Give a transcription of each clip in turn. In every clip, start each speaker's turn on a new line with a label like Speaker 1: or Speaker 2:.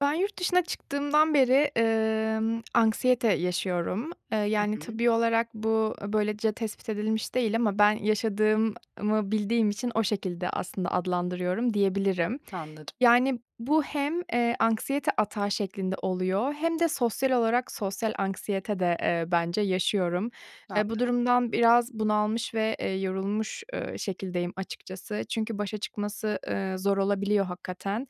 Speaker 1: Ben yurt dışına çıktığımdan beri, emm, anksiyete yaşıyorum. Eee,
Speaker 2: Hı
Speaker 1: yani,
Speaker 2: hı.
Speaker 1: tıbbi olarak bu böylece tespit edilmiş değil ama ben yaşadığımı bildiğim için o şekilde aslında adlandırıyorum diyebilirim.
Speaker 2: Anladım.
Speaker 1: Yani, bu hem, eee, anksiyete atağı şeklinde oluyor hem de sosyal olarak sosyal anksiyete de, eee, bence yaşıyorum. Eee, bu
Speaker 2: Anladım.
Speaker 1: durumdan biraz bunalmış ve, eee, yorulmuş, eee, şekildeyim açıkçası. Çünkü başa çıkması, eee, zor olabiliyor hakikaten.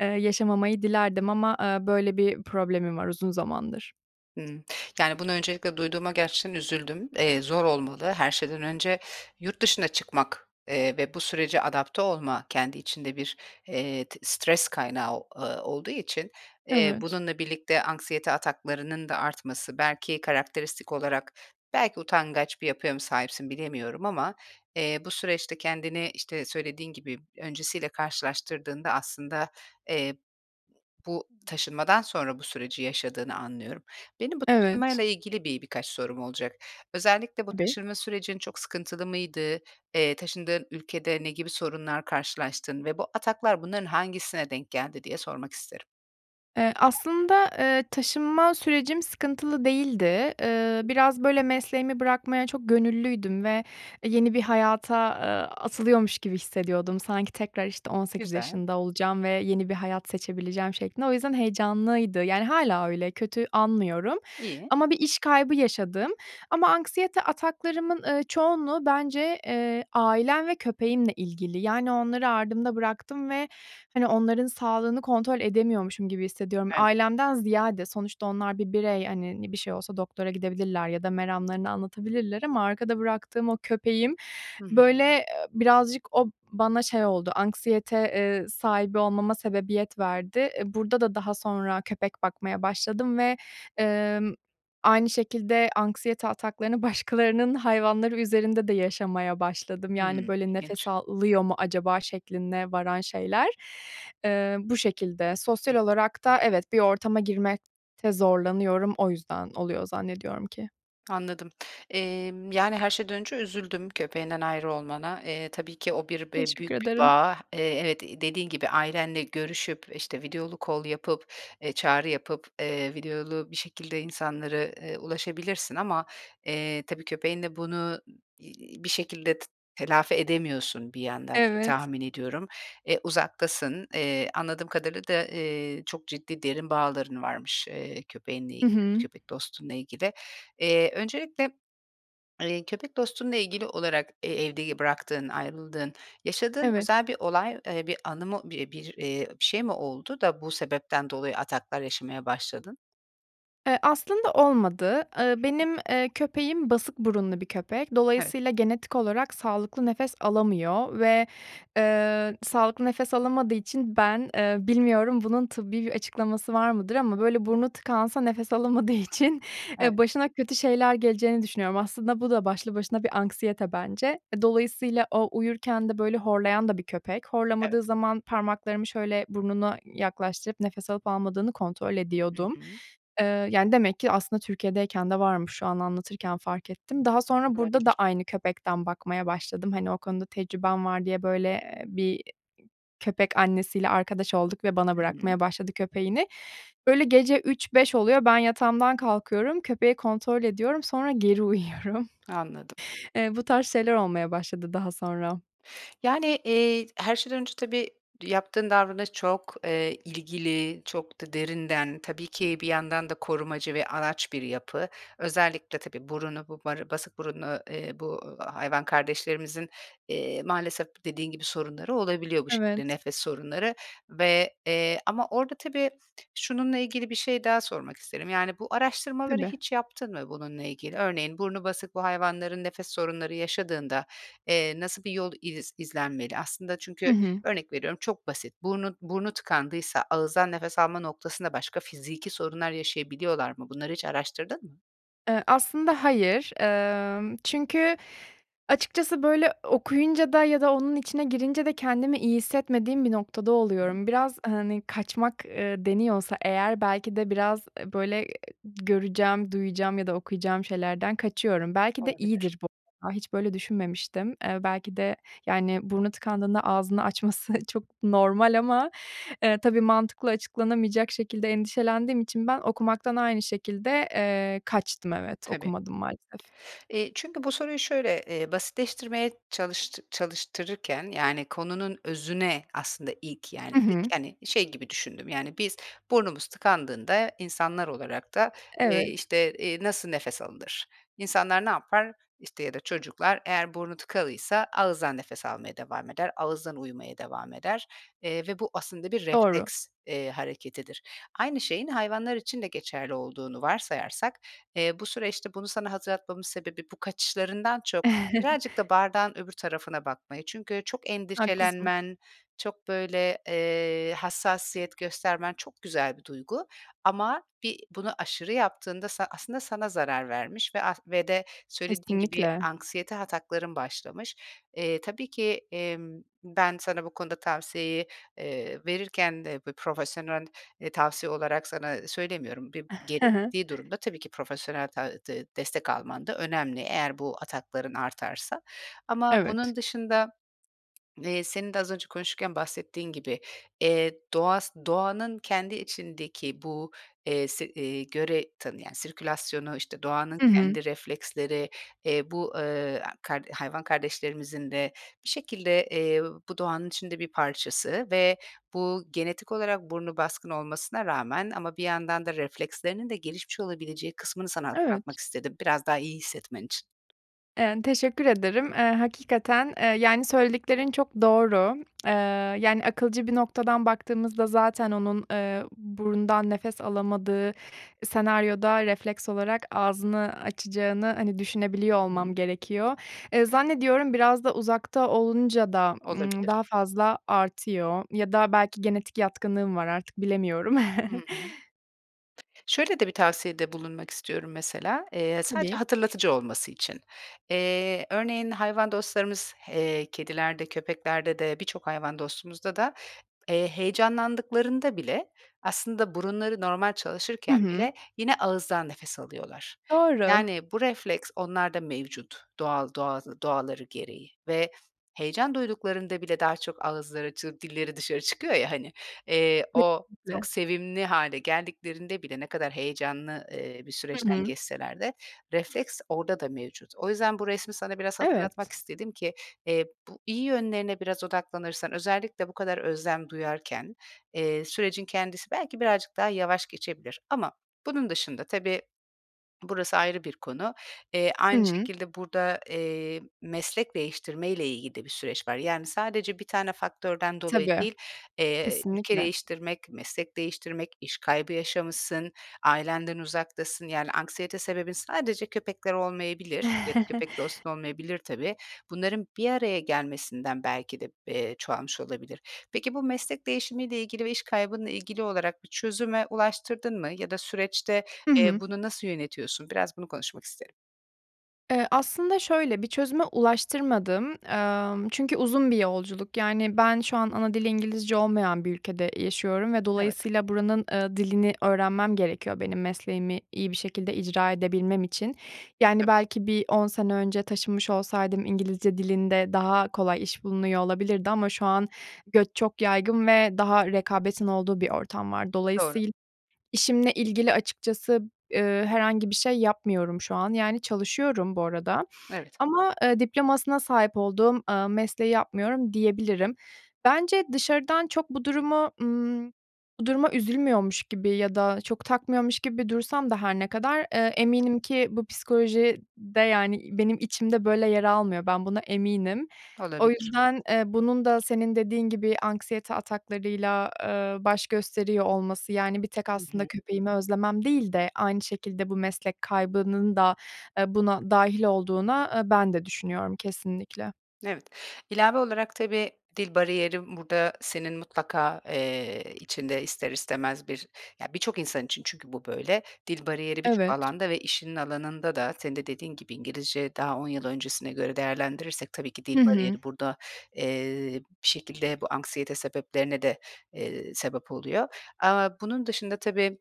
Speaker 1: Eee, yaşamamayı dilerdim ama, eee, böyle bir problemim var uzun zamandır.
Speaker 2: Hımm. Yani, bunu öncelikle duyduğuma gerçekten üzüldüm. Eee, zor olmalı her şeyden önce yurt dışına çıkmak, eee, ve bu sürece adapte olma, kendi içinde bir, eee, t stres kaynağı, ııı, olduğu için, eee,
Speaker 1: Evet.
Speaker 2: bununla birlikte anksiyete ataklarının da artması belki karakteristik olarak belki utangaç bir yapıya mı sahipsin, bilemiyorum ama, eee, bu süreçte kendini, işte, söylediğin gibi öncesiyle karşılaştırdığında aslında, eee, bu
Speaker 1: [unintelligible]
Speaker 2: taşınmadan sonra bu süreci yaşadığını anlıyorum. Benim bu
Speaker 1: Evet.
Speaker 2: taşınmayla ilgili bir birkaç sorum olacak. Özellikle bu
Speaker 1: Tabii.
Speaker 2: taşınma sürecin çok sıkıntılı mıydı? Eee, taşındığın ülkede ne gibi sorunlar karşılaştın ve bu ataklar bunların hangisine denk geldi diye sormak isterim.
Speaker 1: Eee, aslında, eee, taşınma sürecim sıkıntılı değildi. Iıı, biraz böyle mesleğimi bırakmaya çok gönüllüydüm ve, eee, yeni bir hayata, ııı, atılıyormuş gibi hissediyordum. Sanki tekrar, işte, 18
Speaker 2: Güzel.
Speaker 1: yaşında olacağım ve yeni bir hayat seçebileceğim şeklinde. O yüzden heyecanlıydı, yani hâlâ öyle, kötü anmıyorum.
Speaker 2: İyi.
Speaker 1: Ama bir iş kaybı yaşadım. Ama anksiyete ataklarımın, ııı, çoğunluğu bence, eee, ailem ve köpeğimle ilgili. Yani onları ardımda bıraktım ve, hani, onların sağlığını kontrol edemiyormuşum gibi hissediyorum.
Speaker 2: Evet.
Speaker 1: Ailemden ziyade, sonuçta onlar bir birey, hani, ne bir şey olsa doktora gidebilirler ya da meramlarını anlatabilirler ama arkada bıraktığım o köpeğim
Speaker 2: Hı hı.
Speaker 1: böyle, eee, birazcık o bana şey oldu, anksiyete, eee, sahibi olmama sebebiyet verdi. Eee, burada da daha sonra köpek bakmaya başladım ve, ımm, aynı şekilde anksiyete ataklarını başkalarının hayvanları üzerinde de yaşamaya başladım. Yani,
Speaker 2: Hıı,
Speaker 1: böyle, "Nefes
Speaker 2: ilginç.
Speaker 1: alıyor mu acaba?" şekline varan şeyler. Iıı, bu şekilde. Sosyal olarak da evet, bir ortama girmekte zorlanıyorum, o yüzden oluyor zannediyorum ki.
Speaker 2: Anladım. Emm, yani, her şeyden önce üzüldüm köpeğinden ayrı olmana. Eee, tabii ki o bir be
Speaker 1: Teşekkür
Speaker 2: büyük bir
Speaker 1: ederim.
Speaker 2: bağ. Eee, evet, iii, dediğin gibi ailenle görüşüp, işte, videolu call yapıp, eee, çağrı yapıp, eee, videolu bir şekilde insanları, eee, ulaşabilirsin ama, eee, tabii köpeğinle bunu, ım iii, bir şekilde t telafi edemiyorsun bir yandan [unintelligible]
Speaker 1: Evet.
Speaker 2: tahmin ediyorum. Eee, uzaktasın. Eee, anladığım kadarıyla da, eee, çok ciddi derin bağların varmış, eee, köpeğinle ilgili,
Speaker 1: I hı.
Speaker 2: köpek dostunla ilgili. Eee, öncelikle, eee, köpek dostunla ilgili olarak, eee, evde, iii, bıraktığın, ayrıldığın, yaşadığın
Speaker 1: Evet.
Speaker 2: özel bir olay, eee, bir anı mı, bir bir, eee, bir şey mi oldu da bu sebepten dolayı ataklar yaşamaya başladın?
Speaker 1: Eee, aslında olmadı. Iıı, benim, eee, köpeğim basık burunlu bir köpek.
Speaker 2: Evet.
Speaker 1: Dolayısıyla genetik olarak sağlıklı nefes alamıyor ve, eee, sağlıklı nefes alamadığı için ben, eee, bilmiyorum bunun tıbbi bir açıklaması var mıdır ama böyle burnu tıkansa nefes alamadığı için, eee,
Speaker 2: Evet.
Speaker 1: başına kötü şeyler geleceğini düşünüyorum. Aslında bu da başlı başına bir anksiyete bence. E, dolayısıyla o uyurken de böyle horlayan da bir köpek.
Speaker 2: Evet.
Speaker 1: Horlamadığı zaman parmaklarımı şöyle burnuna yaklaştırıp nefes alıp almadığını kontrol
Speaker 2: Hı
Speaker 1: ediyordum.
Speaker 2: hı.
Speaker 1: Eee, yani, demek ki aslında Türkiye’deyken de varmış, şu an anlatırken fark ettim. Daha sonra burada da
Speaker 2: Olabilir.
Speaker 1: aynı köpekten bakmaya başladım. Hani, o konuda tecrübem var diye, böyle, eee, bir, iii, köpek annesiyle arkadaş olduk ve bana
Speaker 2: Hı hı.
Speaker 1: bırakmaya başladı köpeğini. Böyle gece 03.00-05.00 oluyor, ben yatağımdan kalkıyorum, köpeği kontrol ediyorum, sonra geri uyuyorum.
Speaker 2: Anladım.
Speaker 1: Eee, bu tarz şeyler olmaya başladı daha sonra.
Speaker 2: Yani, eee, t her şeyden önce tabii yaptığın davranış çok, eee, ilgili, çok da derinden tabii ki bir yandan da korumacı ve anaç bir yapı. Özellikle tabii burunu bu bar basık burunlu, eee, bu hayvan kardeşlerimizin, eee, maalesef dediğin gibi sorunları olabiliyor bu şekilde,
Speaker 1: Evet.
Speaker 2: nefes sorunları ve, eee, ama orada tabii şununla ilgili bir şey daha sormak isterim: Yani, bu araştırmaları
Speaker 1: Tabii.
Speaker 2: hiç yaptın mı bununla ilgili? Örneğin burnu basık bu hayvanların nefes sorunları yaşadığında, eee, nasıl bir yol iz izlenmeli? Aslında
Speaker 1: Hı
Speaker 2: çünkü
Speaker 1: hı.
Speaker 2: örnek veriyorum çok basit. Burnu burnu tıkandıysa ağızdan nefes alma noktasında başka fiziki sorunlar yaşayabiliyorlar mı? Bunları hiç araştırdın mı?
Speaker 1: Iıı, aslında hayır, emm, çünkü açıkçası böyle okuyunca da ya da onun içine girince de kendimi iyi hissetmediğim bir noktada
Speaker 2: [unintelligible]
Speaker 1: oluyorum. Biraz, hani, kaçmak, ııı, deniyorsa eğer, belki de biraz böyle göreceğim, duyacağım ya da okuyacağım şeylerden kaçıyorum. Belki de
Speaker 2: Olabilir.
Speaker 1: iyidir bu, a, hiç böyle düşünmemiştim. Eee, belki de, yani, burnu tıkandığında ağzını açması çok normal ama, eee, tabii mantıkla açıklanamayacak şekilde endişelendiğim için ben okumaktan aynı şekilde, eee, kaçtım, evet,
Speaker 2: Tabii.
Speaker 1: okumadım maalesef.
Speaker 2: Eee, çünkü bu soruyu şöyle, eee, basitleştirmeye çalıştı çalıştırırken, yani, konunun özüne aslında ilk, yani,
Speaker 1: Hı
Speaker 2: ilk
Speaker 1: hı.
Speaker 2: hani şey gibi düşündüm, yani, biz burnumuz tıkandığında insanlar olarak da, eee,
Speaker 1: Evet.
Speaker 2: işte, eee, nasıl nefes alınır, insanlar ne yapar, işte, ya da çocuklar eğer burnu tıkalıysa ağızdan nefes almaya devam eder, ağızdan uyumaya devam eder, eee, ve bu aslında bir
Speaker 1: Doğru.
Speaker 2: refleks, eee, hareketidir. Aynı şeyin hayvanlar için de geçerli olduğunu varsayarsak, eee, bu süreçte bunu sana hatırlatmamın sebebi bu kaçışlarından çok birazcık da bardağın öbür tarafına bakmayı. Çünkü çok
Speaker 1: Haklısın.
Speaker 2: endişelenmen, çok böyle, eee, hassasiyet göstermen çok güzel bir duygu ama bir bunu aşırı yaptığında sa aslında sana zarar vermiş ve as ve de söylediğin gibi
Speaker 1: Kesinlikle.
Speaker 2: anksiyete atakların başlamış. Eee, tabii ki, emm, ben sana bu konuda tavsiyeyi, eee, verirken de bu profesyonel, eee, tavsiye olarak sana söylemiyorum. Bi
Speaker 1: Hı hı.
Speaker 2: gerektiği durumda tabii ki profesyonel ta de destek alman da önemli eğer bu atakların artarsa ama
Speaker 1: Evet.
Speaker 2: bunun dışında, eee senin de az önce konuşurken bahsettiğin gibi, eee, doğas doğanın kendi içindeki bu, eee, se eee, göre tanıyan sirkülasyonu, işte, doğanın
Speaker 1: Hı hı.
Speaker 2: kendi refleksleri, eee, bu, eee, kar hayvan kardeşlerimizin de bir şekilde, eee, bu doğanın içinde bir parçası ve bu genetik olarak burnu baskın olmasına rağmen ama bir yandan da reflekslerinin de gelişmiş olabileceği kısmını sana
Speaker 1: Evet.
Speaker 2: hatırlatmak istedim biraz daha iyi hissetmen için.
Speaker 1: Eee, teşekkür ederim. Eee, hakikaten, eee, yani söylediklerin çok doğru. Eee, yani akılcı bir noktadan baktığımızda zaten onun, eee, burundan nefes alamadığı senaryoda refleks olarak ağzını açacağını, hani, düşünebiliyor
Speaker 2: I
Speaker 1: olmam
Speaker 2: hı.
Speaker 1: gerekiyor. Eee, zannediyorum, biraz da uzakta olunca da, ımm,
Speaker 2: Olabilir.
Speaker 1: daha fazla artıyor ya da belki genetik yatkınlığım var, artık bilemiyorum.
Speaker 2: I hı. Şöyle de bir tavsiyede bulunmak istiyorum mesela, eee, sadece
Speaker 1: Tabii.
Speaker 2: hatırlatıcı olması için. Eee, örneğin, hayvan dostlarımız, eee, kedilerde, köpeklerde de, birçok hayvan dostumuzda da, eee, heyecanlandıklarında bile aslında burunları normal
Speaker 1: Hı
Speaker 2: çalışırken
Speaker 1: hı.
Speaker 2: bile yine ağızdan nefes alıyorlar.
Speaker 1: Doğru.
Speaker 2: Yani, bu refleks onlarda mevcut doğal doğa doğaları gereği ve heyecan duyduklarında bile daha çok ağızları, çı dilleri dışarı çıkıyor ya hani. Eee, o çok
Speaker 1: Kesinlikle.
Speaker 2: sevimli hâle geldiklerinde bile ne kadar heyecanlı, eee, bir
Speaker 1: Hı
Speaker 2: süreçten
Speaker 1: hı.
Speaker 2: geçseler de refleks orada da mevcut. O yüzden bu resmi sana biraz hatırlatmak
Speaker 1: Evet.
Speaker 2: istedim ki, eee, bu iyi yönlerine biraz odaklanırsan, özellikle bu kadar özlem duyarken, eee, sürecin kendisi belki birazcık daha yavaş geçebilir ama bunun dışında, tabii, burası ayrı bir konu, eee,
Speaker 1: I
Speaker 2: aynı
Speaker 1: hı.
Speaker 2: şekilde burada, eee, meslek değiştirmeyle ilgili de bir süreç var. Yani sadece 1 tane faktörden dolayı
Speaker 1: Tabii,
Speaker 2: değil. Eee, ülke
Speaker 1: kesinlikle.
Speaker 2: değiştirmek, meslek değiştirmek, iş kaybı yaşamışsın, ailenden uzaktasın. Yani anksiyete sebebin sadece köpekler olmayabilir ya da köpek, dostun olmayabilir tabii. Bunların bir araya gelmesinden belki de, eee, çoğalmış olabilir. Peki, bu meslek değişimiyle ilgili ve iş kaybınla ilgili olarak bir çözüme ulaştırdın mı ya da süreçte,
Speaker 1: I
Speaker 2: eee,
Speaker 1: hı.
Speaker 2: bunu nasıl yönetiyorsun? Biraz bunu konuşmak isterim.
Speaker 1: Eee, aslında şöyle, bir çözüme ulaştırmadım, emm, çünkü uzun bir yolculuk. Yani ben şu an ana dili İngilizce olmayan bir ülkede yaşıyorum ve
Speaker 2: Evet.
Speaker 1: dolayısıyla buranın, ııı, dilini öğrenmem gerekiyor benim mesleğimi iyi bir şekilde icra edebilmem için. Yani,
Speaker 2: Tabii.
Speaker 1: belki bir 10 sene önce taşınmış olsaydım İngilizce dilinde daha kolay iş bulunuyor olabilirdi ama şu an göç çok yaygın ve daha rekabetin olduğu bir ortam var.
Speaker 2: Doğru.
Speaker 1: Dolayısıyla işimle ilgili açıkçası, eee, herhangi bir şey yapmıyorum şu an, yani çalışıyorum bu arada.
Speaker 2: Evet.
Speaker 1: Ama, eee, diplomasına sahip olduğum, ııı, mesleği yapmıyorum diyebilirim. Bence dışarıdan çok bu durumu, ımm, bu duruma üzülmüyormuş gibi ya da çok takmıyormuş gibi dursam da her ne kadar, eee,
Speaker 2: [unintelligible]
Speaker 1: eminim ki bu psikoloji de yani benim içimde böyle yer almıyor, ben buna eminim. O
Speaker 2: Olabilir.
Speaker 1: yüzden, eee, bunun da senin dediğin gibi anksiyete ataklarıyla, eee, baş gösteriyor olması yani bir tek
Speaker 2: Hı
Speaker 1: aslında
Speaker 2: hı.
Speaker 1: köpeğimi özlemem değil de aynı şekilde bu meslek kaybının da, eee, buna dâhil olduğuna, eee, ben de düşünüyorum kesinlikle.
Speaker 2: Evet. İlave olarak tabii dil bariyeri burada senin mutlaka, eee, içinde ister istemez bir, ya birçok insan için çünkü bu böyle. Dil bariyeri birçok
Speaker 1: Evet.
Speaker 2: alanda ve işinin alanında da senin de dediğin gibi İngilizce daha 10 yıl öncesine göre değerlendirirsek tabii ki dil
Speaker 1: Hı hı.
Speaker 2: bariyeri burada, eee, bir şekilde bu anksiyete sebeplerine de, eee, sebep oluyor ama bunun dışında tabii,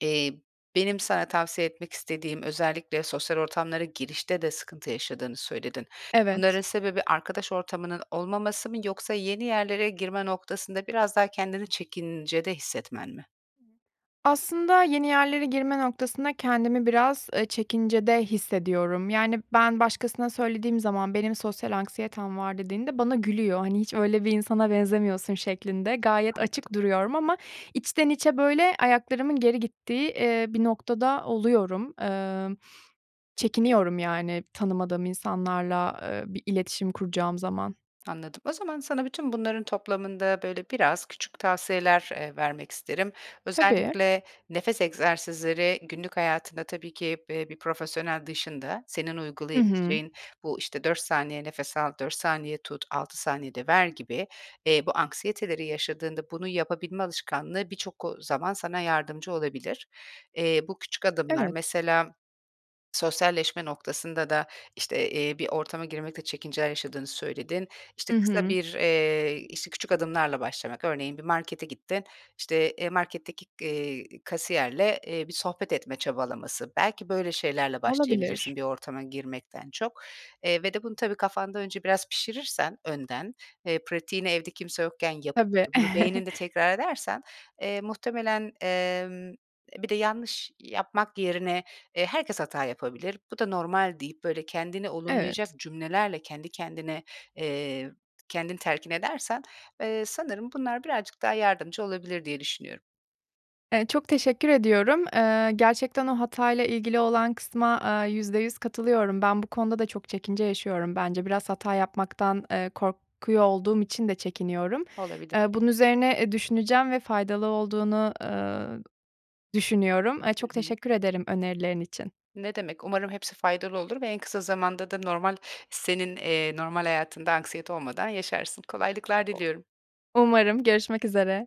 Speaker 2: eee, benim sana tavsiye etmek istediğim, özellikle sosyal ortamlara girişte de sıkıntı yaşadığını söyledin. Bunların
Speaker 1: Evet.
Speaker 2: sebebi arkadaş ortamının olmaması mı yoksa yeni yerlere girme noktasında biraz daha kendini çekincede hissetmen mi?
Speaker 1: Aslında yeni yerlere girme noktasında kendimi biraz, eee, çekincede hissediyorum. Yani, ben başkasına söylediğim zaman "Benim sosyal anksiyetem var." dediğimde bana gülüyor. Hani, "Hiç öyle bir insana benzemiyorsun." şeklinde. Gayet açık
Speaker 2: Anladım.
Speaker 1: duruyorum ama içten içe böyle ayaklarımın geri gittiği, eee, bir noktada oluyorum. Emm,
Speaker 2: Peki.
Speaker 1: çekiniyorum, yani, tanımadığım insanlarla, eee, bir iletişim kuracağım zaman.
Speaker 2: Anladım. O zaman sana bütün bunların toplamında, böyle, biraz küçük tavsiyeler, eee, vermek isterim.
Speaker 1: Tabii.
Speaker 2: Özellikle nefes egzersizleri günlük hayatında tabii ki b eee, bir profesyonel dışında senin
Speaker 1: I hı.
Speaker 2: uygulayabileceğin bu işte 4 saniye nefes al, 4 saniye tut, 6 saniyede ver gibi, eee, bu anksiyeteleri yaşadığında bunu yapabilme alışkanlığı birçok, ııı, zaman sana yardımcı olabilir. Eee, bu küçük adımlar,
Speaker 1: Evet.
Speaker 2: mesela sosyalleşme noktasında da, işte, eee, bir ortama girmekte çekinceler yaşadığını söyledin. İşte,
Speaker 1: I
Speaker 2: kısa
Speaker 1: hı.
Speaker 2: bir, eee, işte, küçük adımlarla başlamak, örneğin bir markete gittin, işte, eee, marketteki, eee, kasiyerle, eee, bir sohbet etme çabalaması, belki böyle şeylerle başlayabilirsin
Speaker 1: Olabilir.
Speaker 2: bir ortama girmekten çok, eee, ve de bunu tabii kafanda önce biraz pişirirsen önden, eee, pratiğini evde kimse yokken yapıp,
Speaker 1: Tabii.
Speaker 2: bunu beyninde tekrar edersen, eee, muhtemelen, emm, eee, bir de yanlış yapmak yerine, eee, "Herkes hata yapabilir, bu da normal." deyip böyle kendini olumlayacak
Speaker 1: Evet.
Speaker 2: cümlelerle kendi kendine, eee, kendin telkin edersen, eee, sanırım bunlar birazcık daha yardımcı olabilir diye düşünüyorum.
Speaker 1: Eee, çok teşekkür ediyorum. Eee, gerçekten o hatayla ilgili olan kısma, eee, %100 katılıyorum. Ben bu konuda da çok çekince yaşıyorum bence. Biraz hata yapmaktan, eee, korkuyor olduğum için de çekiniyorum.
Speaker 2: Olabilir.
Speaker 1: Eee, bunun üzerine, eee, düşüneceğim ve faydalı olduğunu, eee, düşünüyorum. Eee,
Speaker 2: Hı
Speaker 1: çok
Speaker 2: hı.
Speaker 1: teşekkür ederim önerilerin için.
Speaker 2: Ne demek, umarım hepsi faydalı olur ve en kısa zamanda da normal senin, eee, normal hayatında anksiyete olmadan yaşarsın. Kolaylıklar diliyorum.
Speaker 1: Umarım görüşmek üzere.